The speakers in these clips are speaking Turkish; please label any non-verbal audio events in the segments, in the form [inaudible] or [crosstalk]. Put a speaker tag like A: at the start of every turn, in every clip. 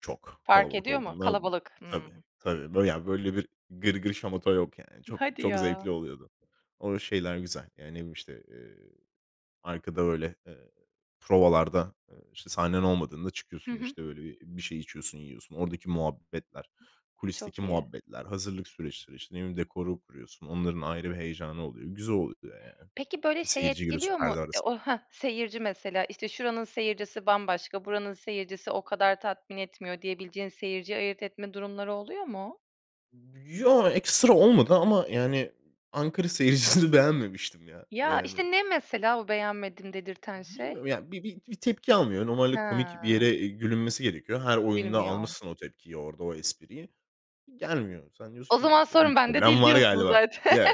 A: Çok.
B: Fark
A: Kalabalık
B: ediyor mu?
A: olduğunda
B: Kalabalık.
A: tabii,
B: Hımm.
A: tabii. Böyle ya, böyle bir gırgır şamata yok yani;
B: İ
A: çok
B: hadi
A: çok
B: ya.
A: zevkli oluyordu. O şeyler güzel ya. Ne bileyim, işte, eee, arkada öyle, eee, provalarda, ııı, işte sahnen olmadığında
B: Hı
A: çıkıyorsun;
B: hı.
A: işte öyle bir şey içiyorsun, yiyorsun. Oradaki muhabbetler, kulisteki
B: Çok iyi.
A: muhabbetler, hazırlık süreçleri... İşte ne bileyim, dekorunu kuruyorsun; onların ayrı bir heyecanı oluyor. Güzel oluyor yani.
B: Peki böyle
A: İşte
B: şey
A: seyirciyi görüyorsun,
B: etkiliyor mu?
A: perde arasın
B: O Heh. Seyirci mesela; işte şuranın seyircisi bambaşka, buranın seyircisi o kadar tatmin etmiyor, diyebileceğin seyirciyi ayırt etme durumları oluyor mu?
A: B ya, ekstra olmadı ama yani, Ankara seyircisini beğenmemiştim ya,
B: Ya,
A: yani.
B: işte ne mesela o beğenmedim dedirten şey?
A: Bilmiyorum ya, bir bir bir tepki almıyor. Normalde komik bir
B: He.
A: yere gülünmesi gerekiyor. Her oyunda
B: Bilmiyor.
A: almışsın o tepkiyi, orada o espriyi. Gelmiyor. Sen diyorsun
B: O
A: ki:
B: zaman
A: "Bi bir
B: sorun bende
A: problem
B: değil,
A: var
B: diyorsun.
A: galiba."
B: Zaten.
A: Yok,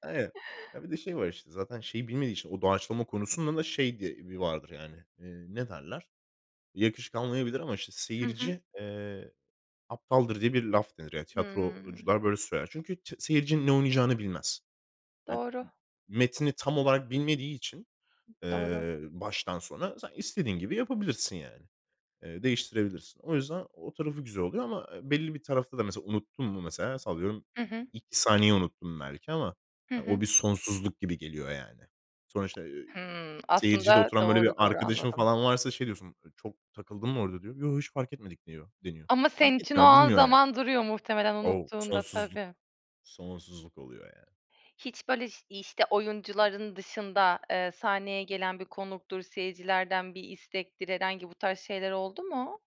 A: [unintelligible] Ha, bir de şey var işte. Zaten şeyi bilmediği için, o doğaçlama konusunda da şey diye bir vardır yani, iii, ne derler? Yakışık almayabilir ama işte
B: Hı hı.
A: seyirci, eee, aptaldır diye bir laf denir.
B: Hıı.
A: Tiyatrocular böyle söyler. Çünkü t seyirci ne oynayacağını bilmez. I ı
B: Doğru.
A: metni tam olarak bilmediği için,
B: Doğru.
A: eee, baştan sona sen istediğin gibi yapabilirsin yani. Eee, değiştirebilirsin. O yüzden o tarafı güzel oluyor ama, eee, belli bir tarafta da mesela unuttun mu? Mesela sallıyorum,
B: Hı hı.
A: 2 saniye unuttum belki ama
B: Hı hı.
A: o bir sonsuzluk gibi geliyor yani. Sonra işte, iii,
B: Hımm.
A: seyircide
B: Aslında,
A: oturan böyle
B: doğru,
A: bir
B: doğru,
A: arkadaşın
B: anladım.
A: falan varsa, şey diyorsun: "Çok takıldım mı orada?" diyor. "Yo, hiç fark etmedik." diyor deniyor.
B: Ama
A: Fark
B: senin için o
A: etmiyor,
B: an
A: bilmiyor yani.
B: zaman duruyor muhtemelen,
A: O,
B: unuttuğunda
A: sonsuzluk.
B: tabii.
A: Sonsuzluk oluyor yani.
B: Hiç böyle şiy işte oyuncuların dışında, eee, sahneye gelen bir konuktur, seyircilerden bir istektir, herhangi bu tarz şeyler oldu mu?